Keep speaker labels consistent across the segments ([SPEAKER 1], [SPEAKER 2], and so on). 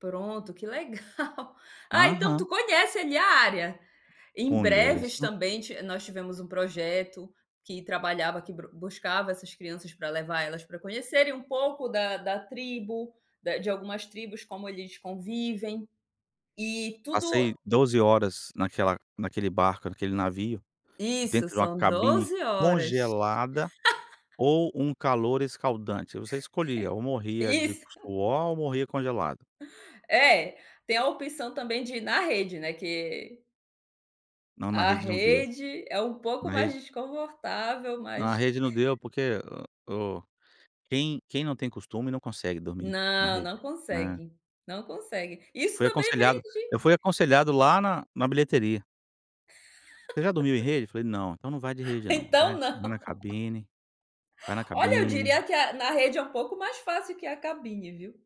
[SPEAKER 1] Pronto, que legal. Ah, então tu
[SPEAKER 2] Aham.
[SPEAKER 1] conhece ali a área. Em Breves
[SPEAKER 2] Conheço.
[SPEAKER 1] também, nós tivemos um projeto que trabalhava, que brus buscava essas crianças para levar elas para conhecerem um pouco da da tribo, da de algumas tribos como eles convivem, e tudo
[SPEAKER 2] Passei 12 horas naquela naquele barco, naquele navio,
[SPEAKER 1] Isso,
[SPEAKER 2] dentro de uma
[SPEAKER 1] são
[SPEAKER 2] cabine
[SPEAKER 1] 12 horas.
[SPEAKER 2] congelada, ou um calor escaldante, aí você escolhia, ou morria de
[SPEAKER 1] Isso.
[SPEAKER 2] suor, ou morria congelado.
[SPEAKER 1] É, tem a opção também de ir na rede, né, que
[SPEAKER 2] Não, na
[SPEAKER 1] a
[SPEAKER 2] rede não deu,
[SPEAKER 1] rede, é um pouco
[SPEAKER 2] na
[SPEAKER 1] mais
[SPEAKER 2] rede
[SPEAKER 1] desconfortável,
[SPEAKER 2] Na
[SPEAKER 1] mas
[SPEAKER 2] rede não deu porque o quem quem não tem costume não consegue dormir, na
[SPEAKER 1] Não,
[SPEAKER 2] rede,
[SPEAKER 1] não
[SPEAKER 2] não é.
[SPEAKER 1] consegue, não consegue. Isso
[SPEAKER 2] Fui
[SPEAKER 1] também
[SPEAKER 2] aconselhado
[SPEAKER 1] vende.
[SPEAKER 2] eu fui aconselhado, lá na na bilheteria. Você já dormiu em rede? Eu falei não, então não vai de rede não,
[SPEAKER 1] Então,
[SPEAKER 2] vai vai na
[SPEAKER 1] não.
[SPEAKER 2] cabine vai na
[SPEAKER 1] Olha eu
[SPEAKER 2] cabine.
[SPEAKER 1] diria que é a na rede é um pouco mais fácil que a cabine, viu?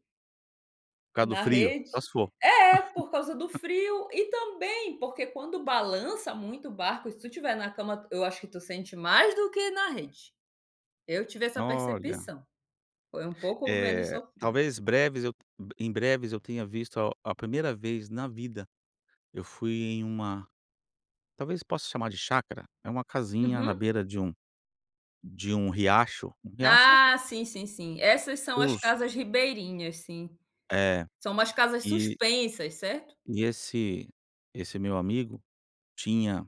[SPEAKER 2] Por causa do
[SPEAKER 1] Na
[SPEAKER 2] frio, só
[SPEAKER 1] rede.
[SPEAKER 2] se for.
[SPEAKER 1] É, por causa do frio e também porque quando balança muito o barco, e se tu estiver na cama, eu acho que tu sente mais do que na rede. Eu tive essa
[SPEAKER 2] Olha.
[SPEAKER 1] percepção. Foi um pouco menos
[SPEAKER 2] Eh,
[SPEAKER 1] sofrido.
[SPEAKER 2] talvez breves eu em breves eu tenha visto a a primeira vez na vida, eu fui em uma talvez possa chamar de chácara, é uma casinha na
[SPEAKER 1] Uhum.
[SPEAKER 2] beira de um de um riacho, um riacho
[SPEAKER 1] Ah sim, sim, sim, essas são as
[SPEAKER 2] Os
[SPEAKER 1] casas ribeirinhas, sim.
[SPEAKER 2] É,
[SPEAKER 1] São umas casas
[SPEAKER 2] e
[SPEAKER 1] suspensas, certo?
[SPEAKER 2] e esse esse meu amigo tinha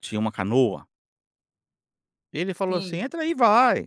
[SPEAKER 2] tinha uma canoa. Ele falou assim:
[SPEAKER 1] Sim.
[SPEAKER 2] "Entra aí e vai!".